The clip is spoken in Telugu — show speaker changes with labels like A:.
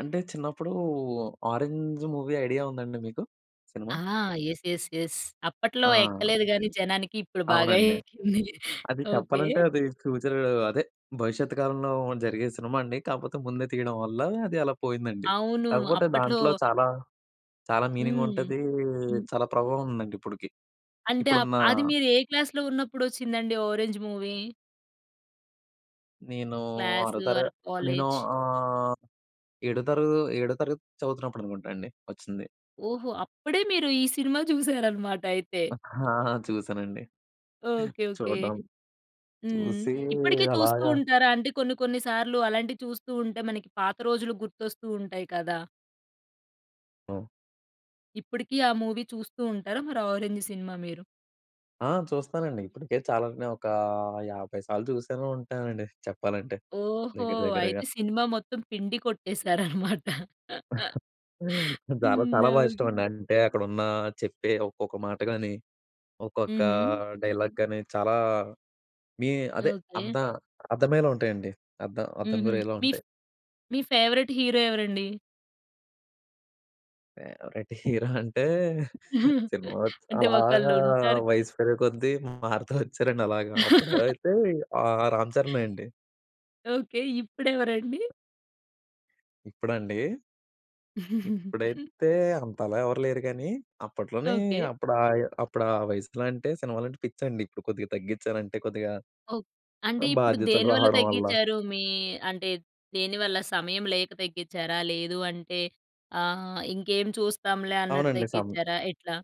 A: అంటే చిన్నప్పుడు ఆరెంజ్ మూవీ ఐడియా ఉందా అండి మీకు? సినిమా?
B: ఆ! యెస్. యెస్. యెస్. అప్పట్లో
A: ఆ!
B: ఎక్కలేదు గాని జనానికి ఇప్పుడు బాగా
A: అవునండి.
B: ఎక్కింది.
A: అది
B: ఓకె.
A: చెప్పాలంటే అది ఫ్యూచరు, అదే భవిష్యత్తు కాలంలో జరిగే సినిమా అండి. కాపోతే ముందే తీయడం వల్ల అది అలా పోయిందండి.
B: అవును.
A: కాకపోతే
B: అప్పట్లో
A: దాంట్లో చాలా, చాలా మీనింగ్
B: హ్మ్.
A: ఉంటదీ,
B: హ్మ్.
A: చాలా ప్రభావం ఉందండి ఇప్పటికి
B: అంటే అప్
A: ఇప్పుడున్న
B: అది మీరు ఏ క్లాస్‌లో ఉన్నప్పుడొచ్చిందండి ఆరెంజ్ మూవీ?
A: నేను
B: క్లాస్
A: ఆరో తర
B: ఆర్
A: నేను
B: కాలేజ్?
A: ఆహ్, ఏడో తరగ ఏడో తరగతి చదువుతున్నప్పుడనుకుంటా అండి ఒచ్చింది.
B: ఓహో! అప్పుడే మీరు ఈ సినిమా చూసారన్నమాటయితే.
A: ఆ! చూసానండి.
B: ఓకె. ఓకె.
A: చూడ్డం.
B: హ్మ్.
A: చూసి
B: ఇప్పటికి చూస్తూ
A: అలాగ
B: ఉంటారా? అంటే కొన్ని కొన్ని సార్లు అలాంటియి చూస్తూ ఉంటే మనకి పాత రోజులు గుర్తొస్తూ ఉంటాయి కదా!
A: హ్మ్.
B: ఇప్పుటికీ ఆ మూవీ చూస్తూ ఉంటారా? మరి ఆరెంజ్ సినిమా మీరు?
A: ఆ! చూస్తానండి ఇప్పుడికే చాలానే ఒక 50 సార్లు చూసైనా ఉంటానండి. చెప్పాలంటే
B: ఓహో!
A: దగ్గర దగ్గరగా.
B: అయితే సినిమా మొత్తం పిండి కొట్టేసారన్నమాట
A: చాలా
B: హ్మ్.
A: చాలా
B: ఆ!
A: బా ఇష్టం అండి. అంటే అక్కడున్న చెప్పే ఒక్కొక్క మాట గాని ఒక్కొక్క
B: హుహు.
A: డైలాగ్ గాని చాలా మీ అదే
B: ఓకె.
A: అర్ధ అర్ధమయ్యేలా ఉంటాయండి. అర్ధం అర్ధం
B: హుహు.
A: గురయ్యేలా
B: మీఫ్
A: ఉంటాయి.
B: మీ ఫేవరెట్ హీరో ఎవరండి?
A: ఒకటి హీరో అంటే సినిమా ఓచ్
B: అంటే
A: అలాగా
B: ఒకళ్ళుంటారు
A: వయసు పెరిగే కొద్ది మారతా ఒచ్చారండి అలాగా. అప్పుడైతే ఆహ్, రామ్ చరణే అండి.
B: ఓకె. ఇప్పుడెవరండి?
A: ఇప్పుడా అండి? ఇప్పుడైతే అంతలా ఎవరూ లేరు గానీ అప్పట్లోనీ
B: ఓకె.
A: అప్పుడాయ అప్పుడా వయసులో అంటే సినిమాలంటే పిచ్చండి. ఇప్పుడు కొద్దిగా తగ్గిచ్చానంటే కొద్దిగా
B: ఓక్ అంటే
A: ఆహ్,
B: ఇప్పుడు
A: బాధ్యతలు
B: దేనివల్ల
A: రావడం వల్ల.
B: దగ్గిచ్చారు మీ అంటే, దేనివల్ల సమయం లేక తగ్గిచ్చారా? లేదు అంటే ఆహ్, ఇంకేం చూస్తాంలే అన్నట్టు
A: అవునండి. సమ
B: దగ్గిచ్చారా? ఎట్లా?